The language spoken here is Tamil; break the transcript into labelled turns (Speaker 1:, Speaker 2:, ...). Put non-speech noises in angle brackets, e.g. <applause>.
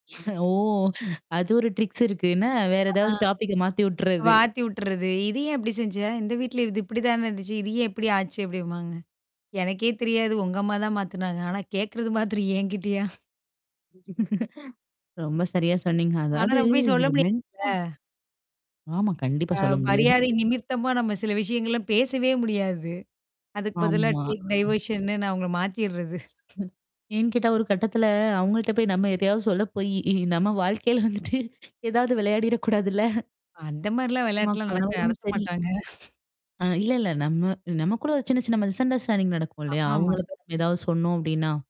Speaker 1: <chuckles> ஓ! அது ஒரு ட்ரிக்ஸ் இருக்குன்னா வேற
Speaker 2: ஆ.
Speaker 1: ஏதாவது டாபிக்க மாத்தி விட்டுறது.
Speaker 2: மாத்தி விட்டுறது. இது ஏன் இப்படி செஞ்சா? இந்த வீட்ல இது இப்படி தான இருந்துச்சு? இது ஏன் எப்படி ஆச்சு அப்படிம்பாங்க, எனக்கே தெரியாது. உங்க அம்மா தான் மாத்துனாங்க. ஆனா கேட்கறது மாத்திரம் என்கிட்டயா?
Speaker 1: <giggles> ரொம்ப சரியா சொன்னீங்க.
Speaker 2: ஆனா
Speaker 1: அதாவது
Speaker 2: நம்ம போய் சொல்ல
Speaker 1: ஒரு மெண்டா
Speaker 2: முடியாதுல?
Speaker 1: ஆமா, கண்டிப்பா
Speaker 2: அ,
Speaker 1: சொல்ல முடியாது.
Speaker 2: மரியாதை நிமிர்த்தமா நம்ம சில விஷயங்கள்லாம் பேசவே முடியாது. அதுக்கு பதிலா
Speaker 1: ஆமா.
Speaker 2: டேக் டைவர்ஷன்னு நான் அவங்கள மாத்திர்றது.
Speaker 1: ஏன் கேட்டா, ஒரு கட்டத்துல அவங்கள்ட்ட போய் நம்ம எதையாவது சொல்ல போய்யி நம்ம வாழ்க்கையில வந்துட்டு ஏதாவது விளையாடிறக்கூடாதுல.
Speaker 2: அந்த மாரிலாம்
Speaker 1: நிச்சயமா,
Speaker 2: விளையாட்டுலாம் நடக்க
Speaker 1: கணவரும்
Speaker 2: நடத்த
Speaker 1: சரி.
Speaker 2: மாட்டாங்க.
Speaker 1: அ, இல்ல, இல்ல. நம்ம நமகூட ஒரு சின்ன, சின்ன மிஸ் அண்டர்ஸ்டாண்டிங் நடக்கும் இல்லையா?
Speaker 2: ஆமாமா.
Speaker 1: அவங்கள பத்தி ஏதாவது சொன்னோம் அப்டின்னா.